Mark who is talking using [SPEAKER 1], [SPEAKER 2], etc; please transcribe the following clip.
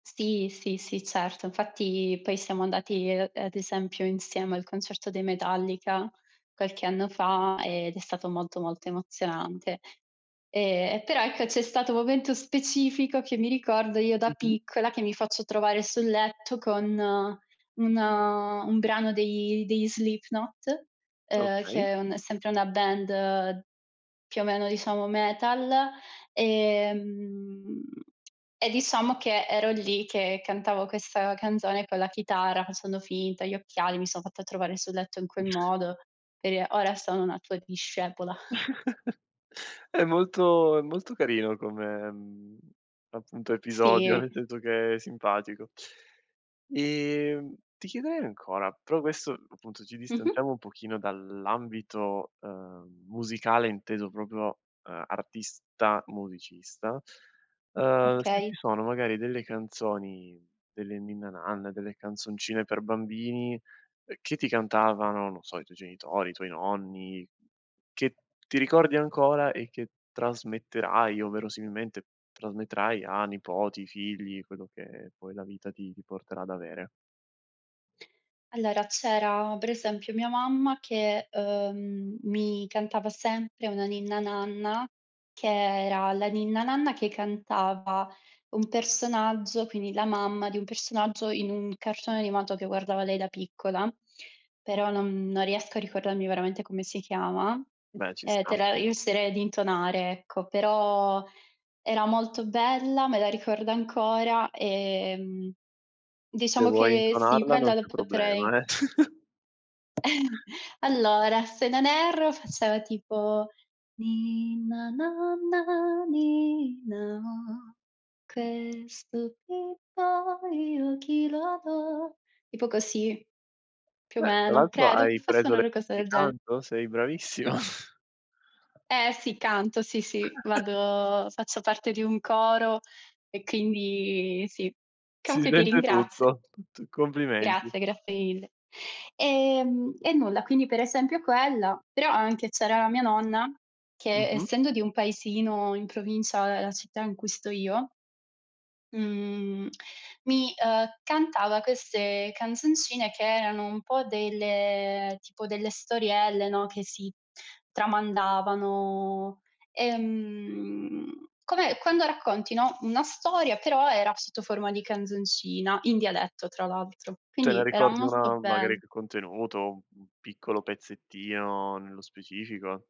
[SPEAKER 1] Sì, sì, sì, certo. Infatti poi siamo andati, uhm, ad esempio, insieme al concerto dei Metallica qualche anno fa ed è stato molto molto emozionante. Ehm, e, però, ecco, c'è stato un momento specifico che mi ricordo, io da
[SPEAKER 2] Mh-mh.
[SPEAKER 1] piccola che mi faccio trovare sul letto con un un brano dei degli Slipknot, uhm, che
[SPEAKER 2] Okay.
[SPEAKER 1] è un sempre una band, più o meno, diciamo, metal, ehm, e diciamo che ero lì che cantavo questa canzone con la chitarra, facendo finta, gli occhiali, mi son fatta trovare sul letto in quel modo, per dire: "Ora sono una tua discepola".
[SPEAKER 2] È molto è molto carino come, appunto, episodio,
[SPEAKER 1] Sì.
[SPEAKER 2] nel senso che è simpatico. Ehm, ti chiederei ancora, però questo, appunto, ci
[SPEAKER 1] Mh-mh.
[SPEAKER 2] distanziamo un pochino dall'ambito, uhm, musicale inteso proprio, uhm, artista musicista. Ehm, se
[SPEAKER 1] Okay.
[SPEAKER 2] ci sono magari delle canzoni, delle ninna nanne, delle canzoncine per bambini che ti cantavano, non so, i tuoi genitori, i tuoi nonni, che ti ricordi ancora e che trasmetterai o verosimilmente trasmetterai a nipoti, figli, quello che poi la vita ti ti porterà ad avere?
[SPEAKER 1] Allora, c'era, per esempio, mia mamma che, uhm, mi cantava sempre una ninna nanna, che era la ninna nanna che cantava un personaggio, quindi la mamma di un personaggio in un cartone animato che guardava lei da piccola, però non non riesco a ricordarmi veramente come si chiama.
[SPEAKER 2] Beh, ci
[SPEAKER 1] Eh, te
[SPEAKER 2] sta.
[SPEAKER 1] la riuscirei ad intonare, ecco, però era molto bella, me la ricordo ancora, ehm,
[SPEAKER 2] Se
[SPEAKER 1] diciamo
[SPEAKER 2] vuoi
[SPEAKER 1] che, sì,
[SPEAKER 2] intonarla non
[SPEAKER 1] quella la
[SPEAKER 2] c'è
[SPEAKER 1] potrei
[SPEAKER 2] problema, eh.
[SPEAKER 1] Allora, se non erro faceva tipo: "Ninna nanna, ninna oh, questo bimbo io a chi lo do?" tipo così, più o
[SPEAKER 2] Beh, tra
[SPEAKER 1] meno,
[SPEAKER 2] l'altro
[SPEAKER 1] credo che
[SPEAKER 2] hai
[SPEAKER 1] fosse
[SPEAKER 2] preso
[SPEAKER 1] una
[SPEAKER 2] le
[SPEAKER 1] ro cosa
[SPEAKER 2] di
[SPEAKER 1] del genere.
[SPEAKER 2] canto, sei bravissima.
[SPEAKER 1] Eh, sì, canto, sì, sì. Vado faccio parte di un coro e quindi sì.
[SPEAKER 2] Si
[SPEAKER 1] Comunque ti
[SPEAKER 2] sente
[SPEAKER 1] ringrazio.
[SPEAKER 2] tutto. Tu complimenti.
[SPEAKER 1] Grazie, grazie mille. Ehm, e nulla, quindi, per esempio, quella, però anche c'era la mia nonna che
[SPEAKER 2] Mh-mh.
[SPEAKER 1] essendo di un paesino in provincia della città in cui sto io mhmm, mi, ehm, cantava queste canzoncine che erano un po' delle tipo delle storielle, no, che si tramandavano. Ehm, come quando racconti, no, una storia, però era sotto forma di canzoncina, in dialetto, tra l'altro,
[SPEAKER 2] Te ne
[SPEAKER 1] quindi era
[SPEAKER 2] ricordi
[SPEAKER 1] molto
[SPEAKER 2] una magari
[SPEAKER 1] bell
[SPEAKER 2] più contenuto, un piccolo pezzettino nello specifico?